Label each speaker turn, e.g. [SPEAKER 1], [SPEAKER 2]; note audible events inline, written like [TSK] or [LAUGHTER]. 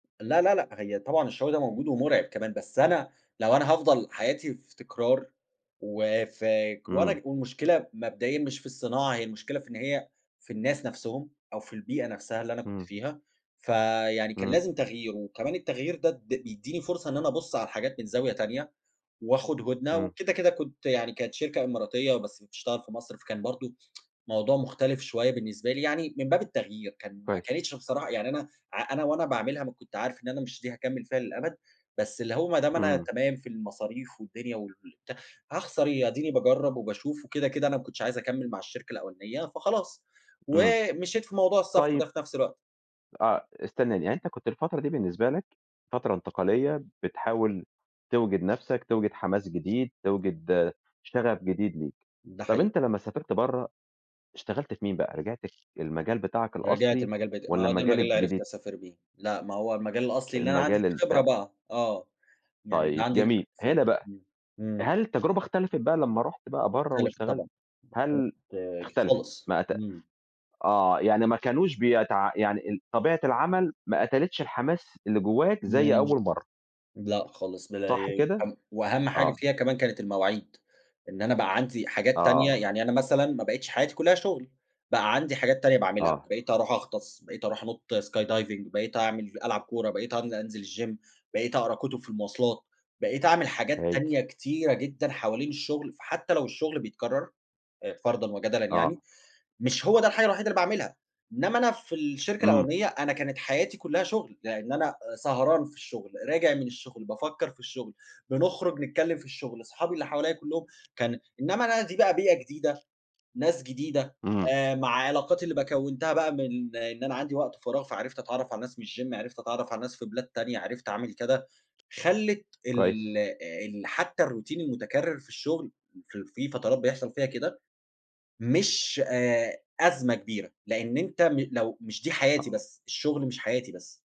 [SPEAKER 1] لا، لا، لأ، هي طبعًا الشغل ده موجود ومُرعِب كمان، بس أنا لو أنا هافضل حياتي في تكرار، وفاك
[SPEAKER 2] إمم.
[SPEAKER 1] وأنا والمشكلة مبدئيًا مش في الصناعة، هي المشكلة في إن هي في الناس نَفْسهم أو في البيئة نَفْسها اللي أنا كنت
[SPEAKER 2] إمم.
[SPEAKER 1] فيها فيعني كان
[SPEAKER 2] إمم.
[SPEAKER 1] لازم تغيير وكمان التغيير ده د بيدّيني فرصة إن أنا أبُص على الحاجات من زاوية تانية، وأخد هُدنة
[SPEAKER 2] إمم.
[SPEAKER 1] وكده كده كنت يعني كانت شركة إماراتية بس بتشتغل في مصر، فكان برضه [TSK] موضوع مختلف شوية بالنسبة لي يعني من باب التغيير، كان ما
[SPEAKER 2] كويّس.
[SPEAKER 1] كانتش بصراحة يعني أنا ع أنا وأنا باعملها ما كنت عارف إن أنا مش دي هاكمّل فيها للأبد، بس اللي هو ما دام أنا
[SPEAKER 2] إمم.
[SPEAKER 1] تمام في المصاريف والدنيا والبتاع هاخسر إيه، آديني باجرّب وباشوف وكده كده أنا ما كنتش عايز أكمّل مع الشركة الأولانية فخلاص،
[SPEAKER 2] إمم.
[SPEAKER 1] ومشيت في موضوع السفر ده
[SPEAKER 2] طيّب
[SPEAKER 1] في نَفْس الوقت.
[SPEAKER 2] آه، استنانى يعني أنت كنت الفترة دي بالنسبة لك فترة انتقالية، بتحاول توجِد نَفْسك، توجِد حماس جديد، توجِد شغف جديد ليك،
[SPEAKER 1] ده
[SPEAKER 2] طَب
[SPEAKER 1] حقيقي.
[SPEAKER 2] أنت لمّا سافرت برّه، اشتغلت في مين بقى رجَعت للمجال بتاعك
[SPEAKER 1] رجَعت
[SPEAKER 2] الأصلي
[SPEAKER 1] المجال بتا ما
[SPEAKER 2] والّا
[SPEAKER 1] هو ده
[SPEAKER 2] المجال
[SPEAKER 1] المجال اللي عرَفت
[SPEAKER 2] الجديد؟
[SPEAKER 1] أسافر بيه. لأ ما هو المجال الأصلي اللي أنا عَندي
[SPEAKER 2] المجال
[SPEAKER 1] فيه خبرة
[SPEAKER 2] البتاع.
[SPEAKER 1] بقى. آه، يعني ده
[SPEAKER 2] طيَب
[SPEAKER 1] عَندي
[SPEAKER 2] جميل،
[SPEAKER 1] ف
[SPEAKER 2] هنا بقى،
[SPEAKER 1] إمم، إمم.
[SPEAKER 2] هل التجربة اختلفت بقى لمّا رُحت بقى برّه
[SPEAKER 1] مختلف
[SPEAKER 2] واشتغلت؟
[SPEAKER 1] طبعًا ب
[SPEAKER 2] هل
[SPEAKER 1] اختلفِت ك
[SPEAKER 2] اختلفت،
[SPEAKER 1] خالص
[SPEAKER 2] ما أت
[SPEAKER 1] إمم.
[SPEAKER 2] آه، يعني ما كانوش بيتع يعني ال طبيعة العمل ما قتلِتش الحماس اللي جوّاك زي
[SPEAKER 1] [UNINTELLIGIBLE]
[SPEAKER 2] أول مرّة.
[SPEAKER 1] لأ خالص
[SPEAKER 2] صح
[SPEAKER 1] بالأيام،
[SPEAKER 2] كده؟
[SPEAKER 1] هم وأهم حاجة
[SPEAKER 2] آه.
[SPEAKER 1] فيها كمان كانت المواعيد، إن أنا بقى عَندي حاجات تانية،
[SPEAKER 2] آه.
[SPEAKER 1] يعني أنا مثلًا ما بقيتش حاجاتي كلّها شُغل، بقى عندي حاجات تانية باعملها
[SPEAKER 2] آه.
[SPEAKER 1] بقيت أروح أغطس، بقيت أروح أنط sky diving بقيت أعمل ألعب كورة بقيت أن أنزِل الgym بقيت أقرأ كُتُب في المواصلات بقيت أعمل حاجات
[SPEAKER 2] هايل.
[SPEAKER 1] تانية كتيرة جدًا حوالين الشغل فحتّى لو الشغل بيتكرر آآ، فرضًا وجدلًا يعني
[SPEAKER 2] آه.
[SPEAKER 1] مش هو ده الحاجة الوحيدة اللي باعملها، إنّما أنا في الشركة
[SPEAKER 2] إمم.
[SPEAKER 1] الأولانية أنا كانت حياتي كلّها شُغل لأن أنا آآ، سهران في الشغل راجع من الشغل، بافكّر في الشغل بنخرج نتكلم في الشغل أصحابي اللي حواليَّ كلّهم كان إنّما أنا دي بقى بيئة جديدة ناس جديدة
[SPEAKER 2] امم
[SPEAKER 1] آآ، مع علاقاتي اللي ب كوّنتها بقى من إن أنا عَندي وقت فراغ فعرَفت أتعرّف على ناس من الgym عرَفت أتعرَف على ناس في بلاد تانية، عرَفت أعمل كده خلّت ال
[SPEAKER 2] كويس.
[SPEAKER 1] آآ، ال حتّى الروتين المتكرر في الشغل في ال في فترات بيحصل فيها كده مش آآ، أزمة كبيرة لأن أنت م لو مش دي حياتي
[SPEAKER 2] آه.
[SPEAKER 1] بس الشغل مش حياتي بس.